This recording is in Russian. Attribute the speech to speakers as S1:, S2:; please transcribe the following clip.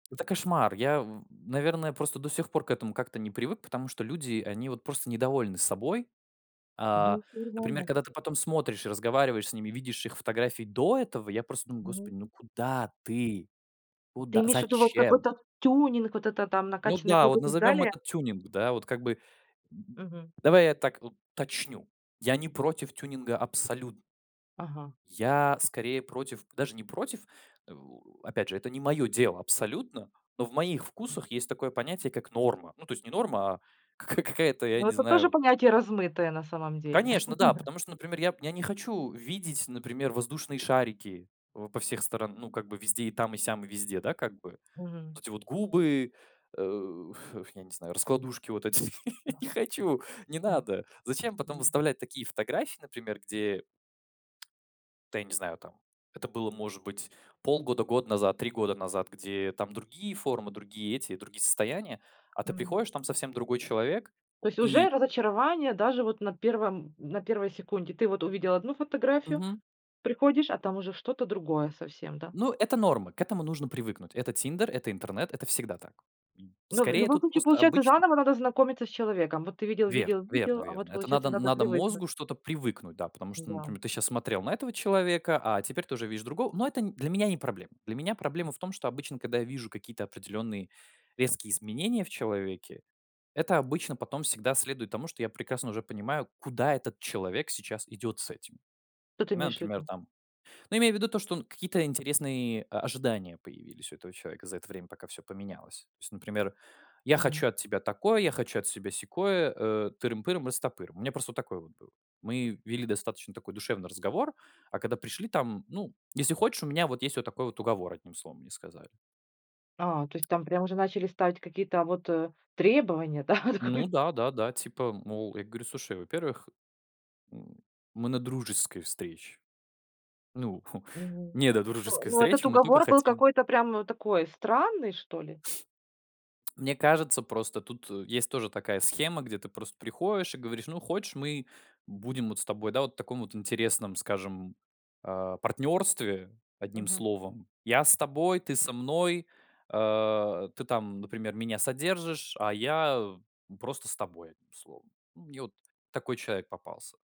S1: Это кошмар. Я, в наверное, просто до сих пор к этому как-то не привык, потому что люди, они вот просто недовольны собой. А,
S2: Ну, 1
S1: например,
S2: она.
S1: когда ты потом смотришь, разговариваешь с ними, видишь их фотографии до этого, я просто думаю:
S2: Мгм.
S1: "Господи, ну куда ты?
S2: Ты
S1: Куда?
S2: имеешь в виду вот
S1: Зачем?"
S2: какой-то тюнинг? Вот это там
S1: Ну
S2: накачанные
S1: да, вот
S2: губы и так
S1: назовём
S2: далее?
S1: это тюнинг, да, вот как бы. Н
S2: Мгм.
S1: давай я так уточню, я не против тюнинга абсолютн
S2: Ага.
S1: я скорее против, даже не против, э, опять же, это не мое дело абсолютно, но в моих вкусах есть такое понятие, как норма. Ну, то есть не норма, а кака какая-то, я
S2: Ну,
S1: не
S2: это тоже
S1: знаю.
S2: понятие размытое на самом деле.
S1: Конечно, да, потому что, например, я п я не хочу видеть, например, воздушные шарики в по всех сторон, ну, как бы везде, и там, и сям, везде, да, как бы
S2: Мгм.
S1: вот эти вот губы, э, я не знаю, раскладушки вот эти я не хочу, не надо. Зачем потом выставлять такие фотографии, например, где Да, я не знаю, там это было, может быть, полгода год назад, 3 года назад, где там другие формы, другие эти, другие состояния, а ты
S2: Мгм.
S1: приходишь, там совсем другой человек,
S2: То есть уже
S1: и
S2: разочарование даже вот на первом на первой секунде. Ты вот увидел 1 фотографию,
S1: Мгм.
S2: приходишь, а там уже что-то другое совсем, да?
S1: Ну, это норма, к этому нужно привыкнуть. Это "Тиндер", это интернет, это всегда так.
S2: Но в
S1: Скорее,
S2: любом
S1: тут
S2: случае
S1: просто
S2: получается,
S1: обычно
S2: заново надо знакомиться с человеком. Вот ты видел
S1: Верно
S2: видел
S1: верно
S2: видел, а вот,
S1: верно. Это
S2: получается,
S1: надо
S2: надо
S1: надо
S2: привыкнуть.
S1: мозгу что-то привыкнуть, да, потому что,
S2: М-да.
S1: например, ты сейчас смотрел на этого человека, а теперь тоже видишь другого. Но это, э, для меня не проблема. Для меня проблема в том, что обычно, когда я вижу какие-то определенные резкие изменения в человеке, это обычно потом всегда следует тому, что я прекрасно уже понимаю, куда этот человек сейчас идет с этим.
S2: Что ты
S1: У меня,
S2: имеешь в
S1: например,
S2: виду?
S1: там, ну, имея в виду то, что какие-то интересные, э, ожидания появились у этого человека за это время, пока всё поменялось. То есть, например, я
S2: Мгм.
S1: хочу от тебя такое, я хочу от себя сякое, э, тырым-пырым-растопырым. У меня просто вот такое было. Мы вели достаточно такой душевный разговор, а когда пришли, там, ну, если хочешь, у меня вот есть вот такой вот уговор, одним словом, мне сказали.
S2: А, то есть там прям уже начали ставить вот, а, какие-то требования, да?
S1: Ну да, да-да, типа, мол, я говорю: "Слушай, во-первых, м, мы на дружеской встрече". Ну,
S2: Мгм. Ну
S1: недодружеской
S2: ну,
S1: встречи,
S2: этот
S1: мы только
S2: уговор был
S1: хотим
S2: какой-то прям такой странный, что ли.
S1: Мне кажется, просто тут, э, есть тоже такая схема, где ты просто приходишь и говоришь: "Ну, хочешь, мы будем вот с тобой, да, вот в таком вот интересном, скажем, э, партнерстве, одним
S2: Мгм.
S1: словом. Я с тобой, ты со мной. А ты там, например, меня содержишь, а я просто с тобой, одним словом". Мне вот такой человек попался.